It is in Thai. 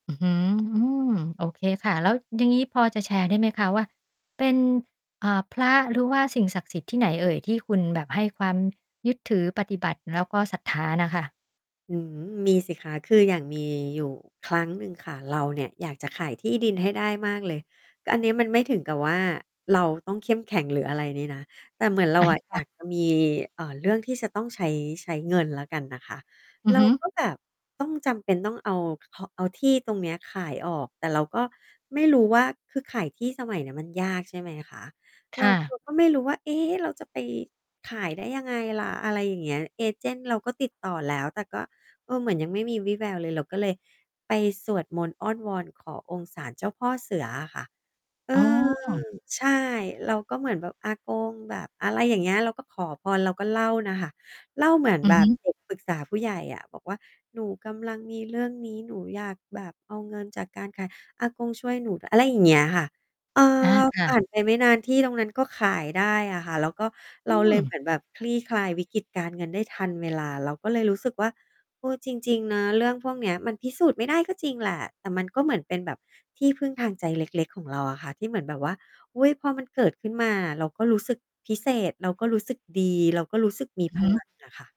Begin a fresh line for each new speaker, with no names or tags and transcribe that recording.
อือฮึ โอเคค่ะ แล้วอย่างงี้พอจะแชร์ได้ไหมคะว่า เป็น อ่า พระหรือว่าสิ่งศักดิ์สิทธิ์ที่ไหนเอ่ย ที่คุณแบบให้ความยึดถือปฏิบัติแล้วก็ศรัทธาน่ะค่ะ?
อืม มีสิคะ คืออย่างมีอยู่ครั้งหนึ่งค่ะ เราเนี่ยอยากจะขายที่ดินให้ได้มากเลย แต่อันนี้มันไม่ถึงกับว่า เราต้องเข้มแข็งหรืออะไรนี้นะ แต่เหมือนเรา
อา
อะ
ค
อย
่
า
ะ
ก จะ มี อ่า เรื่องที่จะต้อง ใช้ ใช้เงินแล้วกันนะคะ
อื
เ
อ
รา
ฮึ
ก็แบบต้องจำเป็นต้อง เอา เอาที่ตรงนี้ขายออก แต่เราก็ไม่รู้ว่าคือขายที่สมัยนี้มันยาก ใช่ไหมคะ
ค
เรา
่
ค
ะ
ือ ก็ไม่รู้ว่า เอ๊ เราจะไปขายได้ยังไงล่ะ อะไรอย่างเงี้ย เอเจนต์เราก็ติดต่อแล้ว แต่ก็ เออ เหมือนยังไม่มีวี่แววเลย เราก็เลยไปสวดมนต์อ้อนวอนขอองค์ศาลเจ้าพ่อเสืออะค่ะ เอ
อ๋
อ
อ
ใช่ เราก็เหมือนแบบอากงแบบ อะไรอย่างเงี้ย เราก็ขอพร เราก็เล่าน่ะค่ะ เล่าเหมือน
อื
แ
อ
บ
ฮ
บ
ึ
เด็กปรึกษาผู้ใหญ่อะ บอกว่า "หนูกำลังมีเรื่องนี้ หนูอยากแบบเอาเงินจากการขาย อากงช่วยหนู ได้" อะไรอย่างเงี้ยค่ะ เอ
อา
อ
ค
ผ
่ะ
่านไปไม่นานที่ตรงนั้นก็ขายได้อะค่ะ แล้วก็
อ
เร
ื
าเล
ม
ยเหมือนแบบคลี่คลายวิกฤตการเงินได้ทันเวลา เราก็เลยรู้สึกว่า เออ จริง ๆ นะ เรื่องพวกเนี้ยมันพิสูจน์ไม่ได้ก็จริงแหละ แต่มันก็เหมือนเป็นแบบที่พึ่งทางใจเล็ก ๆ ของเราอะค่ะ ที่เหมือนแบบว่า อุ๊ย พอมันเกิดขึ้นมา เราก็รู้สึกพิเศษ เราก็รู้สึกดี เราก็รู้สึกมี
อื
พ
อฮ
ลั
ึ
ง อะค่ะ